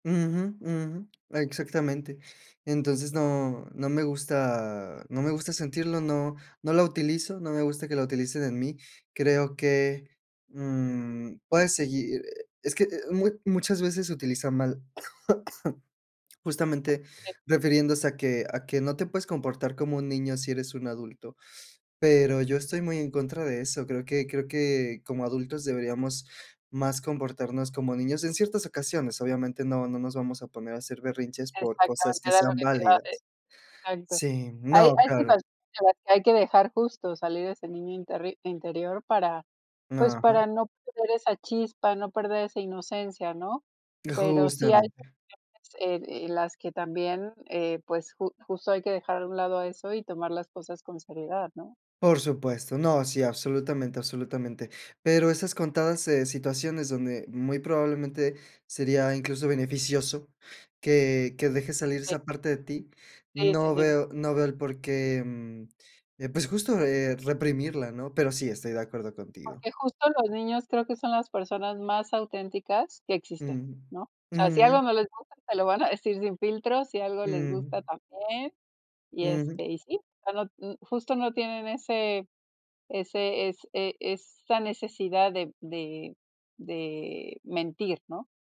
Ujú, ujú. Exactamente. Entonces, no no me gusta no me gusta sentirlo, no no la utilizo, no me gusta que la utilicen en mí. Creo que, mm, puedes seguir es que, eh, mu muchas veces se utiliza mal, justamente Sí. refiriéndose a que a que no te puedes comportar como un niño si eres un adulto, pero yo estoy muy en contra de eso. Creo que creo que como adultos deberíamos más comportarnos como niños, en ciertas ocasiones, obviamente, no no nos vamos a poner a hacer berrinches por cosas Exactamente, que era lo sean que te iba a válidas. de exacto. Sí, Hay no, hay claro. situa en las que hay que dejar justo salir ese niño interri interior para, pues, Ajá. para no perder esa chispa, no perder esa inocencia, ¿no? Eh, Pero sí hay justamente. cuestiones e en las que también, eh, pues, ju justo hay que dejar a un lado a eso y tomar las cosas con seriedad, ¿no? Por supuesto. No, sí, absolutamente, absolutamente. Pero esas contadas, eh, situaciones donde muy probablemente sería incluso beneficioso que que dejes salir Sí. esa parte de ti, Sí, sí, no sí. veo no veo el por qué, mm, eh, pues, justo, eh, reprimirla, ¿no? Pero sí estoy de acuerdo contigo. Porque justo los niños creo que son las personas más auténticas que existen, Ujú. ¿no? O sea, si Ujú. algo no les gusta, te lo van a decir sin filtros, si algo les Ujú. gusta también y, Ujú. este, y sí. Ya no mm, justo no tienen ese ese es e esa necesidad de de de mentir, ¿no?